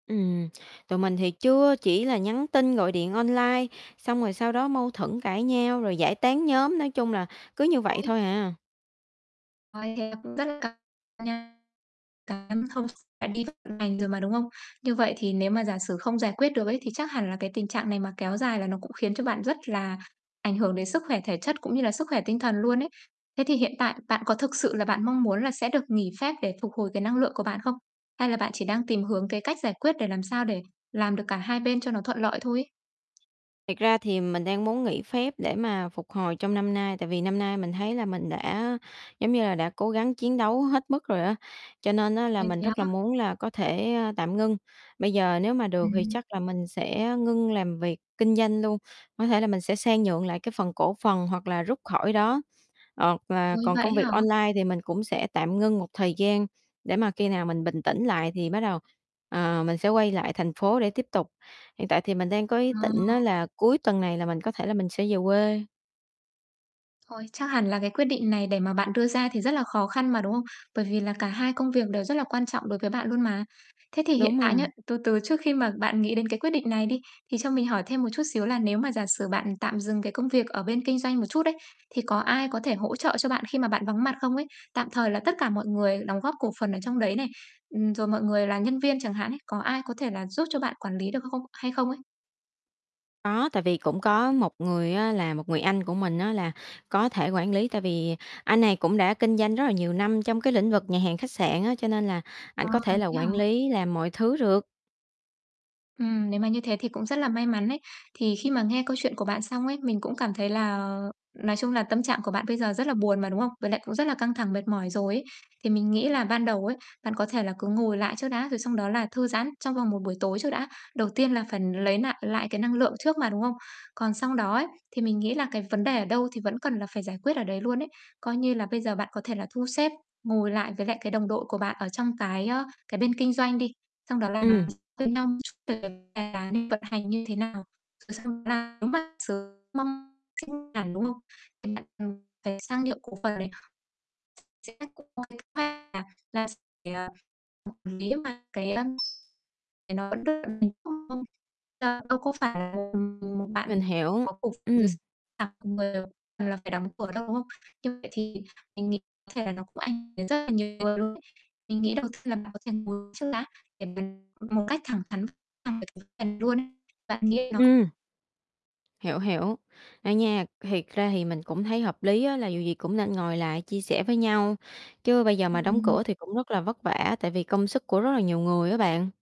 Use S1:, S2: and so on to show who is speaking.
S1: Ừm, tụi mình thì chưa, chỉ là nhắn tin, gọi điện online, xong rồi sau đó mâu thuẫn, cãi nhau rồi giải tán nhóm, nói chung là, cứ như vậy
S2: Đây.
S1: thôi à.
S2: Ôi, thế cũng rất căng nha [unintelligible] bạn đi vứt vận hành rồi mà, đúng hông? Như vậy thì nếu mà giả sử không giải quyết được ấy, thì chắc hẳn là cái tình trạng này mà kéo dài là nó cũng khiến cho bạn rất là ảnh hưởng đến sức khỏe thể chất, cũng như là sức khỏe tinh thần luôn ấy. Thế thì hiện tại, bạn có thực sự là bạn mong muốn là sẽ được nghỉ phép để phục hồi cái năng lượng của bạn không? Hay là bạn chỉ đang tìm hướng, cái cách giải quyết để làm sao để làm được cả hai bên cho nó thuận lợi thôi ấy?
S1: Thiệt ra thì mình đang muốn nghỉ phép để mà phục hồi trong năm nay. Tại vì năm nay mình thấy là mình đã, giống như là, đã cố gắng chiến đấu hết mức rồi á, cho nên á là
S2: Ôi,
S1: mình
S2: thế
S1: rất là
S2: á?
S1: muốn là có thể, ơ, tạm ngưng. Bây giờ nếu mà được thì
S2: Ừm.
S1: chắc là mình sẽ ngưng làm việc kinh doanh luôn. Có thể là mình sẽ sang nhượng lại cái phần cổ phần hoặc là rút khỏi đó, hoặc là
S2: Ôi,
S1: còn
S2: vậy ấy
S1: công việc
S2: hả?
S1: online thì mình cũng sẽ tạm ngưng một thời gian, để mà khi nào mình bình tĩnh lại thì bắt đầu, ờ, mình sẽ quay lại thành phố để tiếp tục. Hiện tại thì mình đang có ý
S2: Ờ.
S1: tịnh á, là cuối tuần này là mình có thể là mình sẽ về quê.
S2: Ôi, chắc hẳn là cái quyết định này để mà bạn đưa ra thì rất là khó khăn mà, đúng hông? Bởi vì là cả hai công việc đều rất là quan trọng đối với bạn luôn mà. Thế thì hiện
S1: Đúng
S2: tại nhá,
S1: rồi.
S2: từ từ trước khi mà bạn nghĩ đến cái quyết định này đi, thì cho mình hỏi thêm một chút xíu là nếu mà giả sử bạn tạm dừng cái công việc ở bên kinh doanh một chút ấy, thì có ai có thể hỗ trợ cho bạn khi mà bạn vắng mặt không ấy? Tạm thời là tất cả mọi người đóng góp cổ phần ở trong đấy này, ừm, rồi mọi người là nhân viên chẳng hạn ấy, có ai có thể là giúp cho bạn quản lý được không hay không ấy?
S1: Có, tại vì cũng có 1 người á, là một người anh của mình á là có thể quản lý. Tại vì anh này cũng đã kinh doanh rất là nhiều năm trong cái lĩnh vực nhà hàng khách sạn á, cho nên là ảnh
S2: Ờ,
S1: có thể là
S2: thế hả?
S1: quản lý, làm mọi thứ được.
S2: Ừm, nếu mà như thế thì cũng rất là may mắn ấy. Thì khi mà nghe câu chuyện của bạn xong ấy, mình cũng cảm thấy là nói chung là, tâm trạng của bạn bây giờ rất là buồn mà, đúng không? Với lại cũng rất là căng thẳng, mệt mỏi rồi ấy. Thì mình nghĩ là ban đầu ấy, bạn có thể là cứ ngồi lại trước đã, rồi sau đó là thư giãn trong vòng một buổi tối trước đã. Đầu tiên là phải n lấy nại lại cái năng lượng trước mà, đúng không? Còn xong đó ấy, thì mình nghĩ là cái vấn đề ở đâu thì vẫn cần là phải giải quyết ở đấy luôn ấy. Coi như là bây giờ bạn có thể là thu xếp, ngồi lại với lại cái đồng đội của bạn ở trong cái, ơ, cái bên kinh doanh đi. Xong đó là nói
S1: Ừm.
S2: với nhau một chút về cái quán vận hành như thế nào? Rồi xong đó là, nếu mà [unintelligible] đúng không? Thì bạn, ừm, hãy sang nhượng cổ phần này. [unintelligible] Là s phải, à, quản lý cơ mà, cái, a, đóng cửa đâu, ấy nó vẫn cứ [unintelligible] ra đâu có phải là [unintelligible] một bạn
S1: Mình hiểu.
S2: có cổ
S1: Ừm.
S2: [unintelligible] là phải đóng cửa đâu, đúng không? Như vậy thì mình nghĩ có thể là nó cũng ảnh hưởng đến rất là nhiều người luôn ấy. Mình nghĩ đầu tiên là bạn có thể ngồi trước đã, để mình một cách thẳng thắn [unintelligible] bạn nghĩ là nó
S1: Ừm. Hiểu, hiểu. [unintelligible] Thiệt ra thì mình cũng thấy hợp lý á, là dù gì cũng nên ngồi lại chia sẻ với nhau, chứ bây giờ mà đóng cửa
S2: [unintelligible]
S1: thì cũng rất là vất vả, tại vì công sức của rất là nhiều người á bạn.